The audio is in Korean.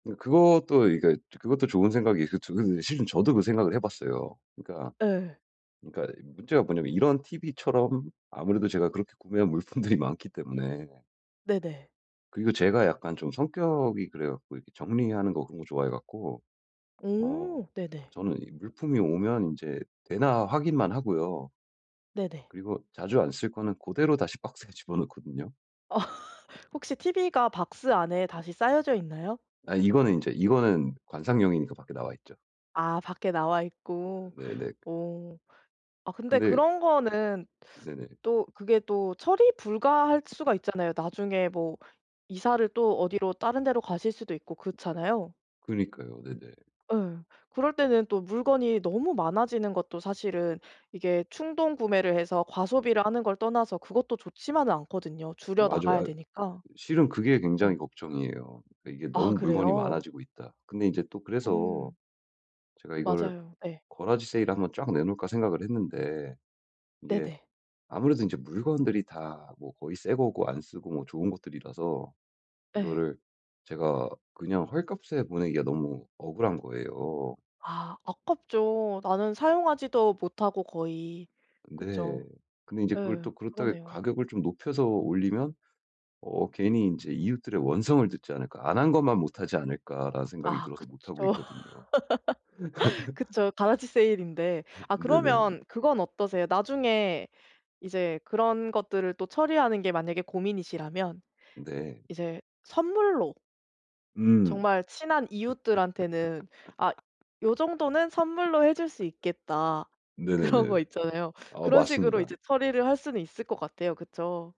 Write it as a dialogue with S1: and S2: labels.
S1: 그 그것도 이게 그것도 좋은 생각이 있을 줄은 실은 저도 그 생각을 해봤어요. 그러니까,
S2: 예.
S1: 그러니까 문제가 뭐냐면 이런 티브이처럼 아무래도 제가 그렇게 구매한 물품들이 많기 때문에.
S2: 네네.
S1: 그리고 제가 약간 좀 성격이 그래 갖고 정리하는 거 그런 거 좋아해 갖고 어
S2: 오, 네네.
S1: 저는 이 물품이 오면 이제 되나 확인만 하고요.
S2: 네네.
S1: 그리고 자주 안 쓸 거는 그대로 다시 박스에 집어 넣거든요.
S2: 어 혹시 티브이가 박스 안에 다시 싸여져 있나요?
S1: 아 이거는 인제 이거는 관상용이니까 밖에 나와있죠.
S2: 아 밖에 나와 있고.
S1: 네 네.
S2: 어 근데
S1: 근데
S2: 그런 거는
S1: 네네.
S2: 또 그게 또 처리 불가할 수가 있잖아요. 나중에 뭐 이사를 또 어디로 다른 데로 가실 수도 있고 그렇잖아요.
S1: 그러니까요. 네네.
S2: 예. 그럴 때는 또 물건이 너무 많아지는 것도 사실은 이게 충동구매를 해서 과소비를 하는 걸 떠나서 그것도 좋지만은 않거든요. 줄여
S1: 맞아요.
S2: 나가야
S1: 아
S2: 되니까.
S1: 실은 그게
S2: 네.
S1: 굉장히 걱정이에요. 이게
S2: 아
S1: 너무 물건이
S2: 그래요.
S1: 많아지고 있다. 근데 인제 또 그래서
S2: 음.
S1: 제가 이거를
S2: 맞아요 예.
S1: garage 세일을 한번 쫙 내놓을까 생각을 했는데 이게
S2: 네네.
S1: 아무래도 이제 물건들이 다 뭐 거의 새 거고 안 쓰고 뭐 좋은 것들이라서
S2: 예.
S1: 이거를 제가 그냥 헐값에 보내기가 너무 억울한 거예요.
S2: 아 아깝죠. 나는 사용하지도 못하고 거의
S1: 네,
S2: 그쵸.
S1: 근데 이제 그걸
S2: 예
S1: 또 그렇다고
S2: 그러네요.
S1: 가격을 좀 높여서 올리면 어 괜히 인제 '이웃들의 원성을 듣지 않을까, 안 한 것만 못하지 않을까.'라는 생각이
S2: 아
S1: 들어서 못하고
S2: 그쵸.
S1: 있거든요.
S2: 그쵸. garage 세일인데.
S1: 흐
S2: 아
S1: 네네.
S2: 그러면 그건 어떠세요, 나중에 이제 그런 것들을 또 처리하는 게 만약에 고민이시라면
S1: 네.
S2: 이제 선물로.
S1: 음.
S2: 정말 친한 이웃들한테는 '아 요 정도는 선물로 해 줄 수 있겠다.' 그런
S1: 네네네네.
S2: 거 있잖아요.
S1: 아
S2: 그런 식으로
S1: 맞습니다.
S2: 이제 처리를 할 수는 있을 것 같아요. 그쵸.